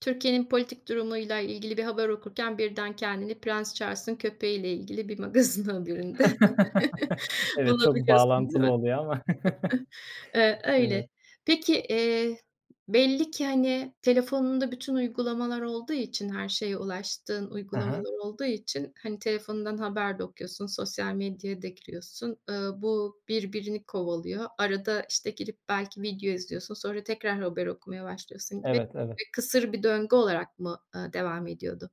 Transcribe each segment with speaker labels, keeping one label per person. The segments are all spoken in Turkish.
Speaker 1: Türkiye'nin politik durumuyla ilgili bir haber okurken birden kendini prens Charles'ın köpeğiyle ilgili bir magazin haberinde
Speaker 2: Evet, çok
Speaker 1: bulabiliyorsun, değil
Speaker 2: bağlantılı
Speaker 1: mi?
Speaker 2: oluyor ama.
Speaker 1: [unintelligible] Iıı, öyle.
Speaker 2: Evet.
Speaker 1: Peki, eee, belli ki, hani, telefonunda bütün uygulamalar olduğu için her şeye ulaştığın
Speaker 2: Hı hı.
Speaker 1: uygulamalar olduğu için, hani, telefonundan haber de okuyorsun, sosyal medyaya da giriyorsun. Iıı, bu birbirini kovalıyor. Arada, işte, girip belki video izliyorsun sonra tekrar haber okumaya başlıyorsun gibi
Speaker 2: Evet, evet.
Speaker 1: bir kısır bir döngü olarak mı, ııı, devam ediyordu?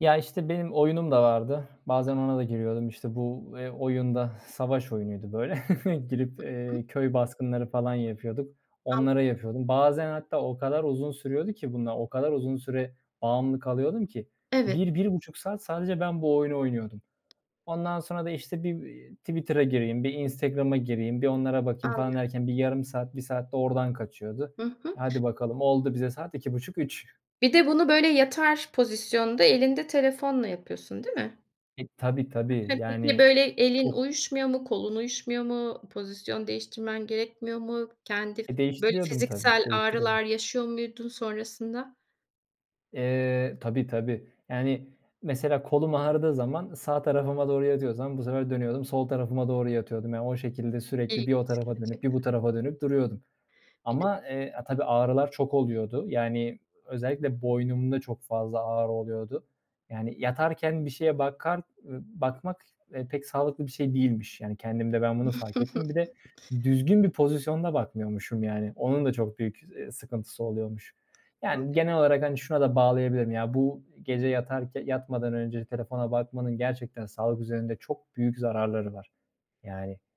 Speaker 2: Ya, işte, benim oyunum da vardı. Bazen ona da giriyordum, işte, bu, eee, oyun da savaş oyunuydu, böyle, girip,
Speaker 1: I hı.
Speaker 2: eee, köy baskınları falan yapıyorduk, onlara
Speaker 1: Anladım.
Speaker 2: yapıyordum. Bazen hatta o kadar uzun sürüyordu ki bunlar, o kadar uzun süre bağımlı kalıyordum ki,
Speaker 1: Evet.
Speaker 2: 1-1,5 saat sadece ben bu oyunu oynuyordum. Ondan sonra da, işte, "Bir, eee, Twitter'a gireyim bir Instagram'a gireyim bir onlara bakayım."
Speaker 1: Anladım.
Speaker 2: falan derken bir yarım saat, 1 saat de oradan kaçıyordu.
Speaker 1: Hı
Speaker 2: E,
Speaker 1: hı.
Speaker 2: hadi bakalım, oldu bize saat, 2,5-3
Speaker 1: Bir de bunu, böyle, yatar pozisyonda elinde telefonla yapıyorsun, değil mi?
Speaker 2: E, tabii, tabii.
Speaker 1: Peki,
Speaker 2: Yani,
Speaker 1: böyle, elin
Speaker 2: çok
Speaker 1: uyuşmuyor mu, kolun uyuşmuyor mu, pozisyon değiştirmen gerekmiyor mu? Kendi f
Speaker 2: E,
Speaker 1: böyle
Speaker 2: değiştiriyordum, tabii,
Speaker 1: fiziksel
Speaker 2: değiştiriyordum.
Speaker 1: ağrılar yaşıyor muydun sonrasında?
Speaker 2: Eee, tabii, tabii. Yani, mesela kolum ağrıdığı zaman sağ tarafıma doğru yatıyorsam, bu sefer dönüyordum, sol tarafıma doğru yatıyordum. Yani, o şekilde sürekli bir o
Speaker 1: İlginç,
Speaker 2: tarafa dönüp bir
Speaker 1: gerçekten.
Speaker 2: bu tarafa dönüp duruyordum.
Speaker 1: Bir de
Speaker 2: Ama, eee, a tabii, ağrılar çok oluyordu. Yani, özellikle boynumda çok fazla ağrı oluyordu. Yani, yatarken bir şeye bakar, ııı, bakmak, eee, pek sağlıklı bir şey değilmiş. Yani, kendimde ben bunu fark ettim. Bir de düzgün bir pozisyonda bakmıyormuşum, yani. Onun da çok büyük, ııı, sıkıntısı oluyormuş.
Speaker 1: Hıı,
Speaker 2: Yani,
Speaker 1: evet.
Speaker 2: genel olarak, hani, şuna da bağlayabilirim. Ya, bu gece yatarke yatmadan önce telefona bakmanın gerçekten sağlık üzerinde çok büyük zararları var, yani.